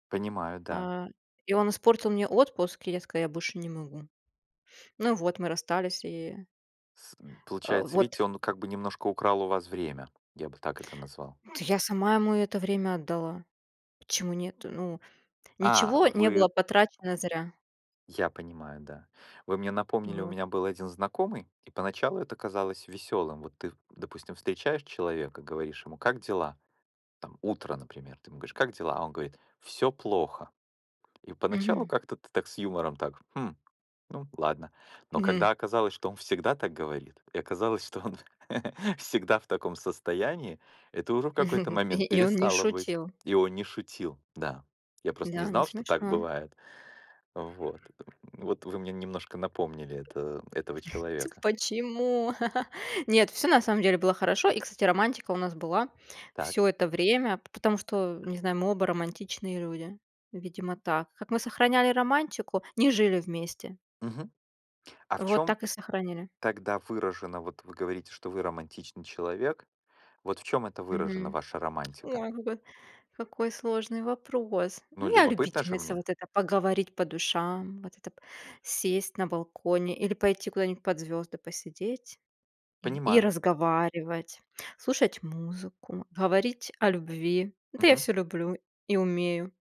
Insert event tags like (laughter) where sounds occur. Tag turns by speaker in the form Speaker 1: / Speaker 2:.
Speaker 1: Понимаю, да.
Speaker 2: А, и он испортил мне отпуск, и я сказала: "Я больше не могу". (sniffs) Ну вот, мы расстались, и.
Speaker 1: С м,
Speaker 2: Э,
Speaker 1: получается,
Speaker 2: вот.
Speaker 1: видите, он как бы немножко украл у ваз время, я бы так это назвал.
Speaker 2: Та я сама ему это время отдала. Почему нет? Ну,
Speaker 1: А,
Speaker 2: ничего не было
Speaker 1: вы.
Speaker 2: потрачено зря.
Speaker 1: Я понимаю, да. Вы мне напомнили, у
Speaker 2: Вот.
Speaker 1: меня был один знакомый, и поначалу это казалось весёлым. Вот ты, допустим, встречаешь человека, говоришь ему: "Как дела?" Там утро, например. Ты ему говоришь: "Как дела?" А он говорит: "Всё плохо". И поначалу
Speaker 2: Мгм.
Speaker 1: как-то ты так, с юмором так: "Хм, ну ладно". Но
Speaker 2: Мгм.
Speaker 1: когда оказалось, что он всегда так говорит, и оказалось, что он (chuckles) всегда в таком состоянии, это уже в какой-то
Speaker 2: (chuckles)
Speaker 1: момент
Speaker 2: И он не
Speaker 1: перестало быть
Speaker 2: шутил.
Speaker 1: и он не шутил, да. Я просто не
Speaker 2: Да, не
Speaker 1: знал, что так
Speaker 2: смешно.
Speaker 1: бывает. Вот, в вот, вы мне немножко напомнили это этого
Speaker 2: (chuckles)
Speaker 1: человека.
Speaker 2: Почему? (chuckles) Нет, всё на самом деле было хорошо. И, кстати, романтика у нас была
Speaker 1: Так.
Speaker 2: всё это время, потому что, не знаю, мы оба романтичные люди. Видимо так. Как мы сохраняли романтику? Не жили вместе.
Speaker 1: Мгм. А в
Speaker 2: Вот
Speaker 1: чём
Speaker 2: так и сохраняли.
Speaker 1: тогда выражено вот вы говорите, что вы романтичный человек. Вот в чём это выражено,
Speaker 2: Мгм.
Speaker 1: ваша романтика?
Speaker 2: (tsk) Ой, какой какой сложный вопрос.
Speaker 1: Ну,
Speaker 2: Ну, я
Speaker 1: любопытно же
Speaker 2: любительница
Speaker 1: мне!
Speaker 2: вот это: поговорить по душам, вот это п сесть на балконе или пойти куда-нибудь под звезды посидеть и и
Speaker 1: Понимаю.
Speaker 2: разговаривать, слушать музыку, говорить о любви. Это я
Speaker 1: Мгм.
Speaker 2: всё люблю и умею.